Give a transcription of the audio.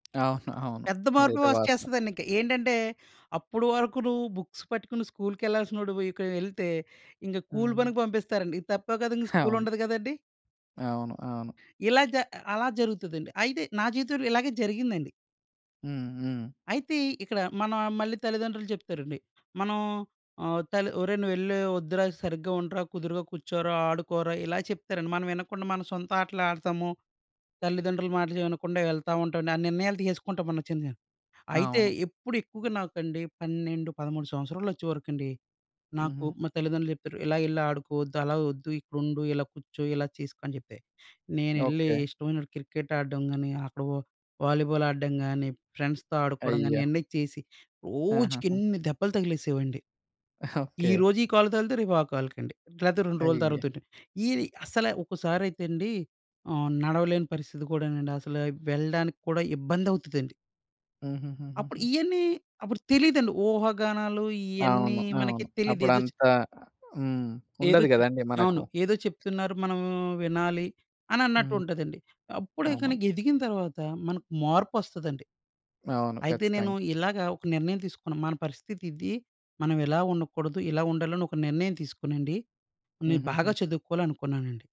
ఆహా! అవును. పెద్ద మార్పులు ఇదైతే వాస్తవం. వచ్చేస్తదండి. ఇంక ఏంటంటే, అప్పుడు వరుకు నువ్వు బుక్స్ పట్టుకొని స్కూల్‌కెళ్ళాల్సినోడివికెళ్తే ఇంక కూలి హ్మ్. పనికి పంపిస్తారండి. ఇది తప్పే కదా, ఇంకా అవును. స్కూలుండదు గదండీ. అవును. అవును. ఇలా జ అలా జరుగుతదండి. అయితే నా జీవితంలో ఇలాగే జరిగిందండి. హ్మ్. హ్మ్. అయితే ఇక్కడ, మన మళ్ళీ తల్లిదండ్రులు జెప్తారండి. మనం ఆహ్, తల్లి ఒరేయ్! నువ్వెలే ఒద్దురా. సరిగ్గా ఉండరా, కుదురుగా కూర్చోరా, ఆడుకోరా, ఇలా చెప్తారండి. మనం వినకుండా మన సొంత ఆటలాడతాము. తల్లిదండ్రుల మాట వినకుండా వెళ్తా ఉంటాం. ఆ నిర్ణయాలు తీసేసుకుంటాం మనొచ్చింది. అయితే అవును. ఎప్పుడెక్కువుగా, నాకండి 12, 13 సంవత్సరాలొచ్చేవరకండి నాకు హుహు. మా తల్లిదండ్రులు జెప్పారు. "ఇలా ఎళ్ళి ఆడుకోద్దు, అలా ఒద్దు, ఇక్కడుండు, ఇలా కూర్చో, ఇలా చేసుకో" అని జెప్పితే. నేనెళ్లీ ఓకే. ఇష్టమొచ్చినటు క్రికెట్ ఆడ్డం గానీ, అక్కడ ఒ వాలీబాల్ ఆడ్డం గానీ, ఫ్రెండ్స్‌తో ఆడుకోడం గానీ అయ్యో! ఈయన్నీ చేసి, ఆహాహా! రోజుకెన్ని దెబ్బలు తగిలేసేవండి. ఓకే! ఈరోజు ఈ కాలుకి తగిలితే, రేపు ఆ కాలుకండి. లేతే 2 రోజులు అయ్యో! తర్వాతండి. ఈ అసలు ఒక్కసారైతే అండి ఆహ్, నడవలేని పరిస్థితి కూడానండి. అసలే వెళ్ళడానికి కూడా ఇబ్బందవుతదండి. అప్పుడు హుహుహుహుహు. ఇయన్నీ అప్పుడు తెలీదండి. ఊహాగానాలు ఇయన్నీ అవును. మనకి అవును. తెలీదు. ఏదొచ్ అప్పుడంత హ్మ్. ఏదో ఉండదు చెప్ గదండీ మనకు. అవును. ఏదో చెప్తున్నారు. మనం వినాలి అనన్నట్టు హ్మ్. ఉంటదండి. అప్పుడే ఇక అవును. నీకెదిగిన తర్వాత మనకు మార్పొస్తదండి. అవును. అయితే నేను ఖచ్చితంగా ఇలాగా ఒక నిర్ణయం తీసుకున్న. మన పరిస్థితి ఇది, మనం ఇలా ఉండకూడదు, ఇలా ఉండాలి, అని ఒక నిర్ణయం తీసుకోనండి. నేను హుహుహు. బాగా చదువుకోవాలి అనుకున్నానండి.